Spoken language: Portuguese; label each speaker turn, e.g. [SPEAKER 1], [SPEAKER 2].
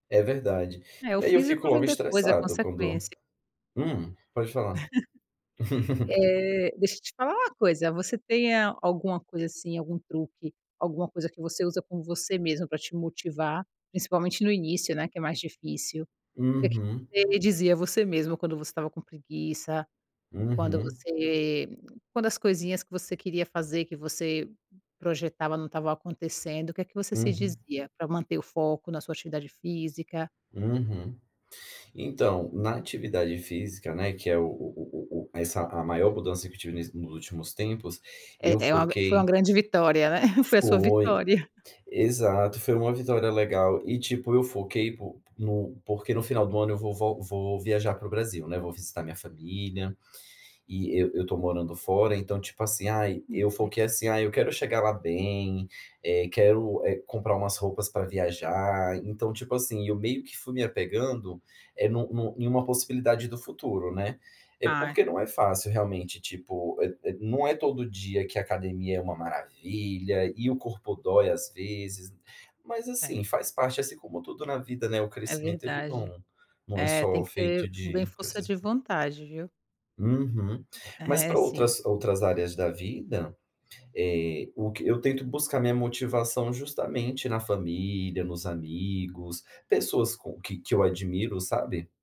[SPEAKER 1] É verdade.
[SPEAKER 2] É, o
[SPEAKER 1] E aí eu fico
[SPEAKER 2] físico
[SPEAKER 1] logo
[SPEAKER 2] vem depois, é
[SPEAKER 1] estressado quando
[SPEAKER 2] consequência.
[SPEAKER 1] hum? Pode falar.
[SPEAKER 2] Eh, deixa eu te falar uma coisa, você tem alguma coisa assim, algum truque, alguma coisa que você usa com você mesmo para te motivar, principalmente no início, né, que é mais difícil? O que
[SPEAKER 1] Uhum.
[SPEAKER 2] você dizia a você mesmo quando você estava com preguiça, quando
[SPEAKER 1] Uhum.
[SPEAKER 2] você quando as coisinhas que você queria fazer que você projetava não estavam acontecendo, o que é que você se
[SPEAKER 1] Uhum.
[SPEAKER 2] dizia, para manter o foco na sua atividade física?
[SPEAKER 1] Uhum. Então, na atividade física, né, que é o o o o o essa a maior mudança que eu tive ness nos últimos tempos, eu
[SPEAKER 2] É é uma gran foi uma
[SPEAKER 1] foquei
[SPEAKER 2] grande vitória, né. Foi a sua
[SPEAKER 1] Foi,
[SPEAKER 2] vitória.
[SPEAKER 1] exato, foi uma vitória legal. E tipo, eu foquei pôn no porque no final do ano eu vou vol vou viajar para o Brasil, né, vou visitar minha família, e eu eu estou morando fora, então, tipo, assim, ai, eu
[SPEAKER 2] [unintelligible]
[SPEAKER 1] foquei assim: “Ai, eu quero chegar lá bem, eh, quero, eh, comprar umas roupas para viajar”, então, tipo, assim, eu meio que fui me apegando, é, nu nu em uma possibilidade do futuro, né. É
[SPEAKER 2] Ai
[SPEAKER 1] porque não é fácil realmente tipo é é não é todo dia que a academia é uma maravilha e o corpo dói, às vezes, mas
[SPEAKER 2] É.
[SPEAKER 1] assim, faz parte assim como tudo na vida, né, o
[SPEAKER 2] É
[SPEAKER 1] crescimento ele
[SPEAKER 2] verdade.
[SPEAKER 1] não não é
[SPEAKER 2] É,
[SPEAKER 1] só
[SPEAKER 2] tem que
[SPEAKER 1] feito
[SPEAKER 2] ter bem
[SPEAKER 1] de
[SPEAKER 2] força
[SPEAKER 1] coisas.
[SPEAKER 2] de vontade, viu.
[SPEAKER 1] Uhum. Mas
[SPEAKER 2] É
[SPEAKER 1] para
[SPEAKER 2] sim.
[SPEAKER 1] outras outras áreas da vida, eh, o que eu tento buscar minha motivação justamente na família, nos amigos, pessoas com que que eu admiro, sabe?